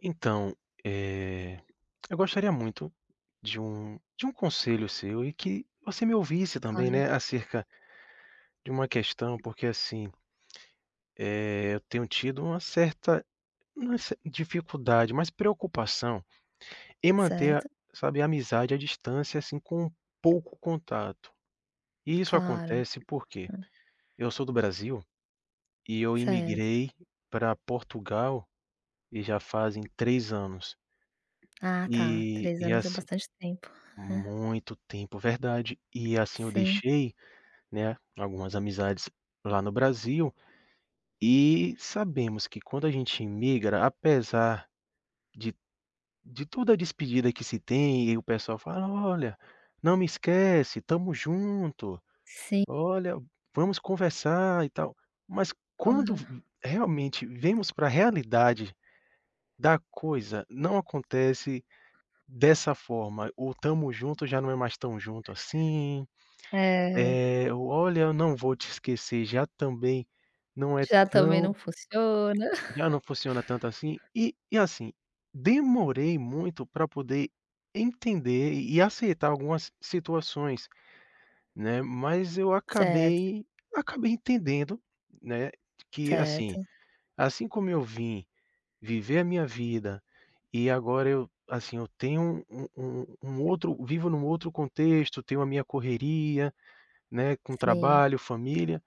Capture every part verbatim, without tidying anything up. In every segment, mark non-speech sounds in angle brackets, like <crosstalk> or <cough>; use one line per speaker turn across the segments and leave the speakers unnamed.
Então, é, eu gostaria muito de um de um conselho seu e que você me ouvisse, também,
Claro.
né, acerca de uma questão, porque, assim eh, eu tenho tido uma certa, não uma cer dificuldade, mais preocupação em manter,
Certo.
sabe, a amizade à distância, assim, com pouco contato. E isso
claro,
acontece porque
hum.
eu sou do Brasil e eu
Certo.
imigrei pra Portugal e já fazem três anos.
Ah, tá,
E
três
e,
anos é
assim
bastante tempo, é.
muito tempo, verdade. E assim eu
Sim.
deixei, né, algumas amizades lá no Brasil e sabemos que quando a gente imigra, apesar de de toda a despedida que se tem e o pessoal fala: "Olha, não me esquece, tamo junto.
Sim.
Olha, vamos conversar, e tal", mas quando
Claro.
v realmente vemos pra realidade da coisa, não acontece dessa forma. O "Tamo junto" já não é mais tão junto, assim,
É.
é, o "Olha, eu não vou te esquecer" já também não é
Já, também, não
tão
funciona.
já não funciona tanto, assim.
<chuckles>
E e, assim, demorei muito pra poder entender e aceitar algumas situações, né, mas eu
Certo.
acabei acabei entendendo, né, que, assim,
Certo.
assim como eu vim viver a minha vida e agora eu, assim, eu tenho um um um outro vivo num outro contexto, tenho a minha correria, né, com
Sim.
trabalho, família,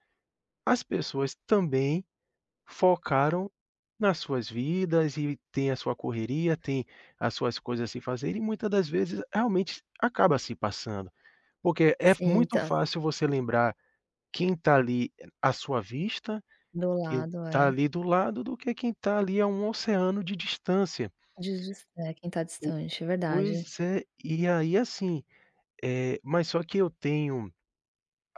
as pessoas também focaram nas suas vidas e têm a sua correria, têm as suas coisas a se fazer e muita das vezes realmente acaba se passando, porque é
Sim,
muito
tá.
fácil você lembrar quem tá, ali, à sua vista,
Do
quem
lado,
tá
é.
ali do lado, do que quem tá ali a um oceano de distância.
Dist é, quem tá
O
distante, verdade.
pois é, e aí, assim, eh, mas só que eu tenho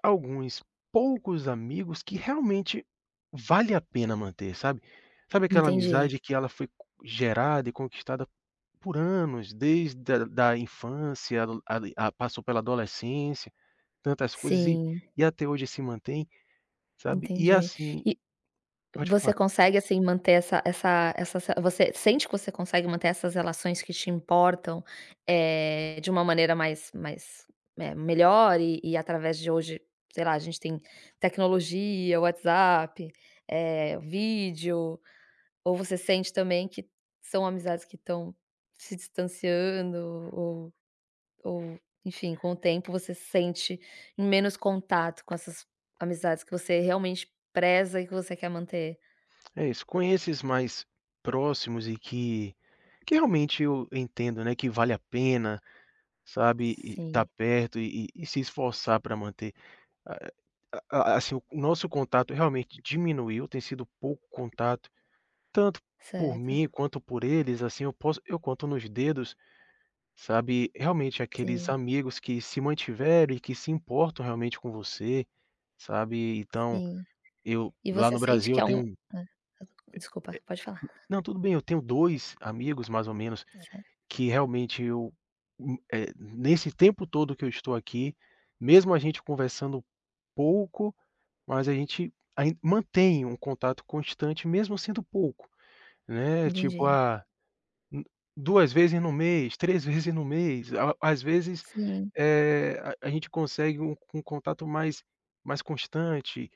alguns poucos amigos que realmente vale a pena manter, sabe. Sabe aquela
Entendi.
amizade que ela foi co gerada e conquistada por anos, desde da da infância, a a passou pela adolescência, tantas coisas e
Sim.
e até hoje se mantém, sabe, e,
Entendi.
assim
E
pode
você
falar.
consegue, assim, manter essa essa essa você sente que você consegue manter essas relações que te importam, eh, de uma maneira mais mais, eh, melhor e e através de hoje, sei lá, a gente tem tecnologia, WhatsApp, eh, vídeo, ou você sente, também, que são amizades que tão se distanciando ou ou, enfim, com o tempo você se sente em menos contato com essas amizades que você realmente preza e que você quer manter?
É isso, com esses mais próximos e que que realmente eu entendo, né, que vale a pena, sabe, e tá
Sim.
perto e e e se esforçar pra manter. A a assim, o nosso contato realmente diminuiu, tem sido pouco contato, tanto por
Certo.
mim quanto por eles, assim, eu posso eu conto nos dedos, sabe, realmente aqueles
Sim.
amigos que se mantiveram e que se importam realmente com você, sabe, então,
Sim.
eu
E
lá
você
no
sente
Brasil
que
eu
há
tenho
um
é é
desculpa, pode falar.
não, tudo bem, eu tenho dois amigos mais ou menos
Ta certo.
que realmente eu u, eh, nesse tempo todo que eu estou aqui, mesmo a gente conversando pouco, mas a gente ain mantém um contato constante, mesmo sendo pouco, né. Tipo,
Entendi.
ah, hum, duas vezes no mês, três vezes no mês, às às vezes,
Sim.
é, a gente consegue um um contato mais mais constante,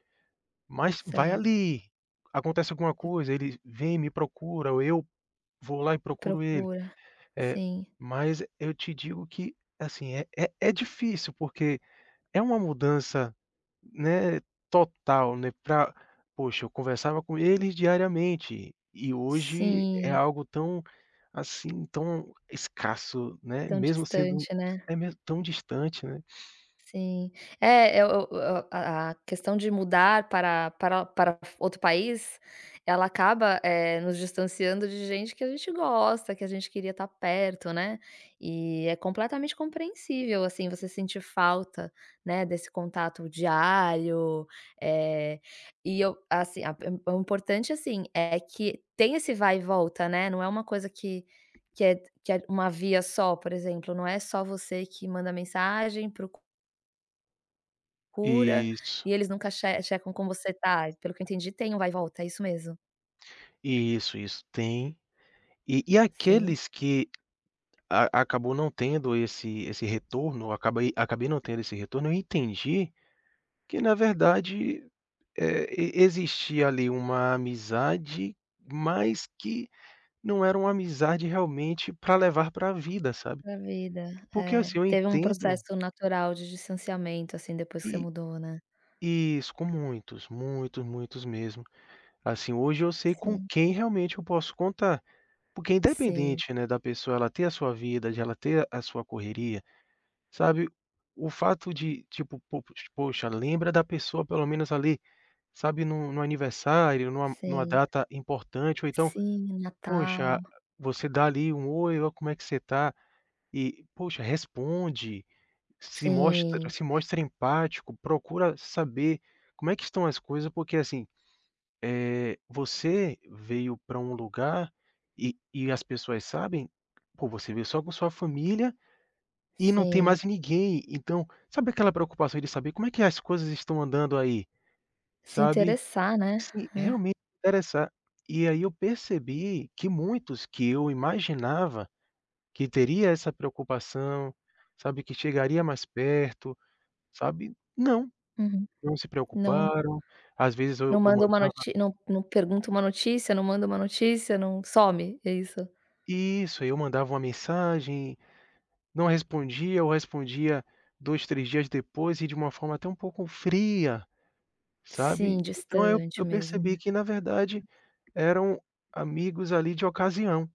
mas vai,
Certo.
ali, acontece alguma coisa, ele vem e me procura ou eu vou lá e procuro ele.
Procura,
É,
sim.
mas eu te digo que, assim, é é, é difícil, porque é uma mudança, né, total, né, pra poxa, eu conversava com eles diariamente e hoje é
Sim.
algo tão, assim, tão escasso, né,
Tão
mesmo sendo
distante, né?
é mes tão distante, né?
Sim. É, o o a a questão de mudar para para para outro país, ela acaba, eh, nos distanciando de gente que a gente gosta, que a gente queria tá perto, né, E é completamente compreensível, assim, você sentir falta, né, desse contato diário. Eh, e eu, assim, a o importante, assim, é que tenha esse vai e volta, né, não é uma coisa que que é que é uma via só, por exemplo, não é só você que manda mensagem, procu cura, e
Isso.
eles nunca che checam como você tá, pelo que eu entendi, tem o vai e volta, é isso mesmo?
Isso, isso. Tem e e
Sim.
aqueles que a acabou não tendo esse esse retorno acabei acabei não tendo esse retorno, eu entendi que na verdade, eh, e existia ali uma amizade, mas que não era uma amizade realmente pra levar pra vida, sabe?
Da vida.
Porque assim,
É,
eu
teve um
entendo
processo natural de distanciamento, assim, depois que você
I
mudou, né.
isso, com muitos, muitos, muitos mesmo. Assim, hoje eu sei com
Sim.
quem realmente eu posso contar, porque
Sim.
independente, né, da pessoa ela ter a sua vida, de ela ter a sua correria, sabe, o fato de tipo, po poxa, lembra da pessoa pelo menos ali, sabe, num num aniversário, numa numa
Sim.
data importante, ou então,
Sim,
poxa,
Natal.
você dá ali um: "Oi. Ó como é que você tá?" E poxa, responde, se mostra
Sim.
se mostra empático, procura saber como é que estão as coisas, porque assim, eh, você veio pra um lugar e e as pessoas sabem, pô, você veio só com sua família e não tem
Sim.
mais ninguém. Então, sabe aquela preocupação de saber: "Como é que as coisas estão andando aí?"
Se
Sabe,
interessar, né.
se
É.
realmente interessar e aí eu percebi que muitos que eu imaginava que teria essa preocupação, sabe, que chegaria mais perto, sabe? Não,
Uhum.
não se
Não
preocuparam. Às vezes eu
Não
eu
manda uma
mandava
notí não não pergunta uma notícia, não manda uma notícia, não some. É isso.
Isso, eu mandava uma mensagem, não respondia ou respondia dois, três dias depois e de uma forma até um pouco fria,
Sim,
sabe. Então eu
distante
eu
mesmo, né.
percebi que, na verdade, eram amigos ali de ocasião,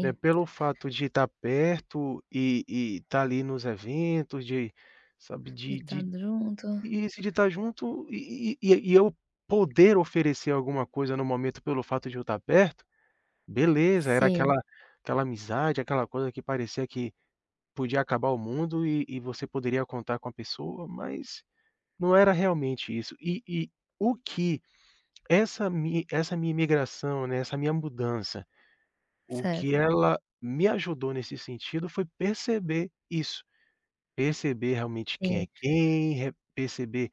né, pelo fato de tá perto e e tá ali nos eventos, de sabe,
De
de
tá
de
junto.
isso, de tá junto e e e eu poder oferecer alguma coisa no momento pelo fato de eu tá perto, beleza, era
Sim.
aquela aquela amizade, aquela coisa que parecia que podia acabar o mundo e e você poderia contar com a pessoa, mas não era realmente isso. E e o que essa mi essa minha imigração, né, essa minha mudança, o que
Certo.
ela me ajudou nesse sentido foi perceber isso, perceber realmente quem é
Sim.
quem, re perceber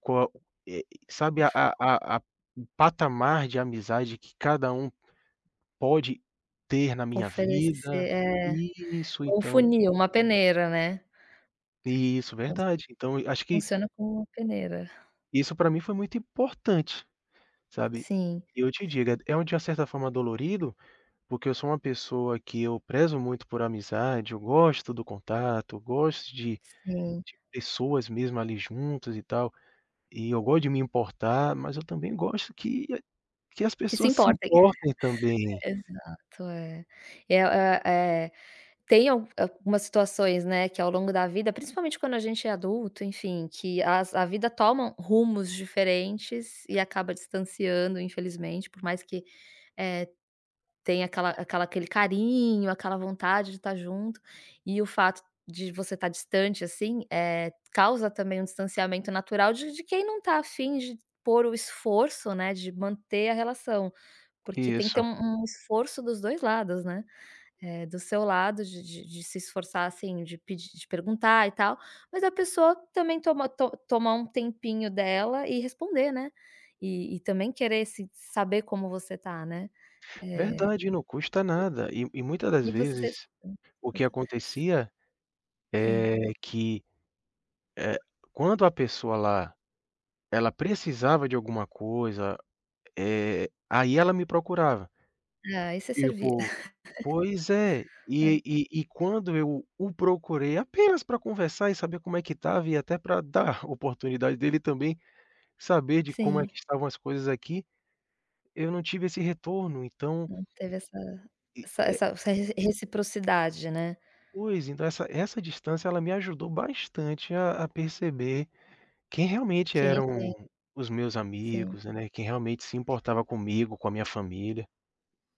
qual é sabe, a a a o patamar de amizade que cada um pode ter na minha
Oferecer
vida
é.
isso,
Um
então
funil, uma peneira, né.
Isso,
Vo
verdade. Então acho que
funciona como uma peneira.
Isso pra mim foi muito importante, sabe,
Sim.
e eu te digo, é de uma certa forma dolorido, porque eu sou uma pessoa que eu prezo muito por amizade, eu gosto do contato, gosto de
Sim.
de pessoas mesmo ali juntas e tal, e eu gosto de me importar, mas eu também gosto que a que as
Que se
pessoas se
importem.
importem
<chuckles>
também.
Exato, é. É o é é tem al algumas situações, né, que ao longo da vida, principalmente quando a gente é adulto, enfim, que as a vida toma rumos diferentes e acaba distanciando, infelizmente, por mais que, eh, tenha aquela aquela aquele carinho, aquela vontade de tá junto. E o fato de você tá distante assim, eh, causa também um distanciamento natural de de quem não tá a fim de pôr o esforço, né, de manter a relação, porque tem que ter
Isso.
um um esforço dos dois lados, né. É, do seu lado, de de de se esforçar assim, de pedi de perguntar e tal, mas a pessoa também toma to tomar um tempinho dela e responder, né. E e também querer se saber como você tá, né, eh,
Verdade, não custa nada. E e muita das
e e você
vezes, o que
<unintelligible> s
acontecia,
Sim.
eh, que, eh, quando a pessoa lá, ela precisava de alguma coisa, eh, aí ela me procurava.
Ah, isso é servir.
Tipo pois é,
<chuckles>
e
Hã.
e e quando eu o procurei apenas pra conversar e saber como é que estava e até pra dar a oportunidade dele também saber de como é que
Sim.
estavam as coisas aqui, eu não tive esse retorno. Então
Não teve essa
E é
essa essa re reciprocidade, né.
Pois. Então essa essa distância ela me ajudou bastante a a perceber quem realmente
Quem é
eram
quem.
os meus
Sim.
amigos, né, quem realmente se importava comigo, com a minha família.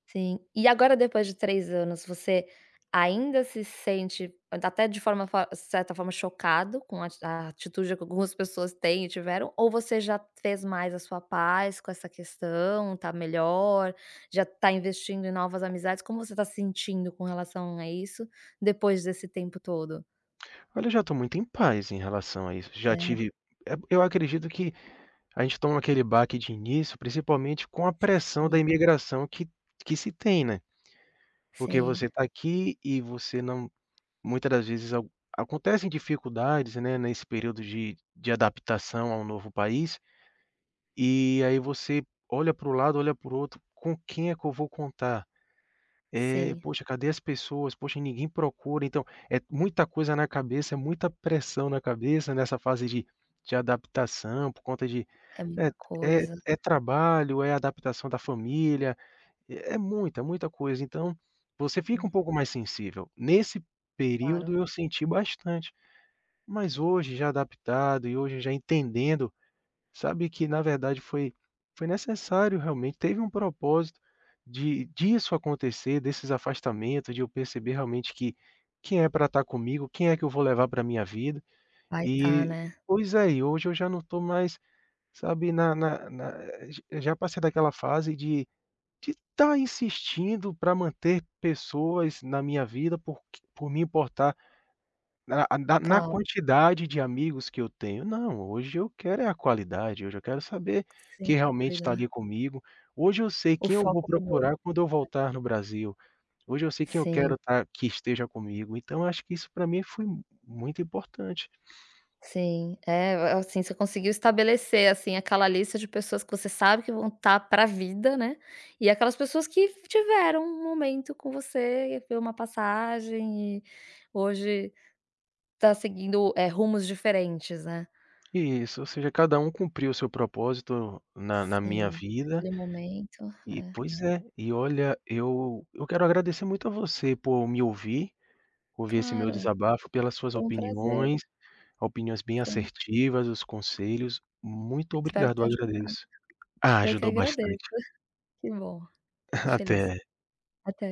Sim. E agora depois de três anos, você ainda se sente da até de forma fa de certa forma chocado com a a atitude que algumas pessoas têm e tiveram, ou você já fez mais a sua paz com essa questão, tá melhor, já tá investindo em novas amizades? Como você tá se sentindo com relação a isso depois desse tempo todo?
Olha, eu já tô muito em paz em relação a isso. Já
É.
tive é porque eu acredito que a gente toma aquele baque de início, principalmente com a pressão da
Sim.
imigração que que se tem, né. Porque você
Sim.
tá aqui e você não muita das vezes ac acontecem dificuldades, né, nesse período de de adaptação a um novo país. E aí você olha para o lado, olha para o outro, com quem é que eu vou contar? Eh,
Sim.
poxa, cadê as pessoas? Poxa, ninguém procura. Então é muita coisa na cabeça, é muita pressão na cabeça nessa fase de de adaptação, por conta de
É
é
muita
é
coisa.
é trabalho, é adaptação da família, é é muita, muita coisa. Então você fica um
Hum.
pouco mais sensível. Nesse período
Claro.
eu senti bastante, mas hoje já adaptado e hoje já entendendo, sabe, que na verdade foi foi necessário realmente, teve um propósito de disso acontecer, desses afastamentos, de eu perceber realmente que quem é pra tá comigo, quem é que eu vou levar pra minha vida.
Vai tá,
E
né.
pois é, e hoje eu já não tô mais, sabe, na na na eh, já passei daquela fase de de tá insistindo pra manter pessoas na minha vida por q por me importar na a da na
Claro.
quantidade de amigos que eu tenho. Não, hoje eu quero é a qualidade, hoje eu quero saber
Sem
quem realmente tá
dúvida.
ali comigo. Hoje eu sei
O
quem eu vou
foco mudou.
procurar quando eu
É.
voltar no Brasil. Hoje eu sei quem eu quero
Sim.
tá que esteja comigo. Então acho que isso pra mim foi muito importante.
Sim. É, a assim, você conseguiu estabelecer assim, aquela lista de pessoas que você sabe que vão tá pra vida, né, e aquelas pessoas que tiveram um momento com você, foi uma passagem e hoje tá seguindo, eh, rumos diferentes, né.
Isso, ou seja, cada um cumpriu o seu propósito na na minha
Sim,
vida
aquele momento
e
é.
pois é. E, olha, eu eu quero agradecer muito a você por me ouvir, ouvir esse meu
Claro,
desabafo, pelas suas
foi um prazer.
opiniões, opiniões bem
Foi u
assertivas, os conselhos. Muito
Espero
obrigado, eu
ter ajudado.
agradeço. Ah,
Eu que
ajudou
agradeço.
bastante.
<chuckles> Que bom, fico
<chuckles>
feliz.
Até.
Até.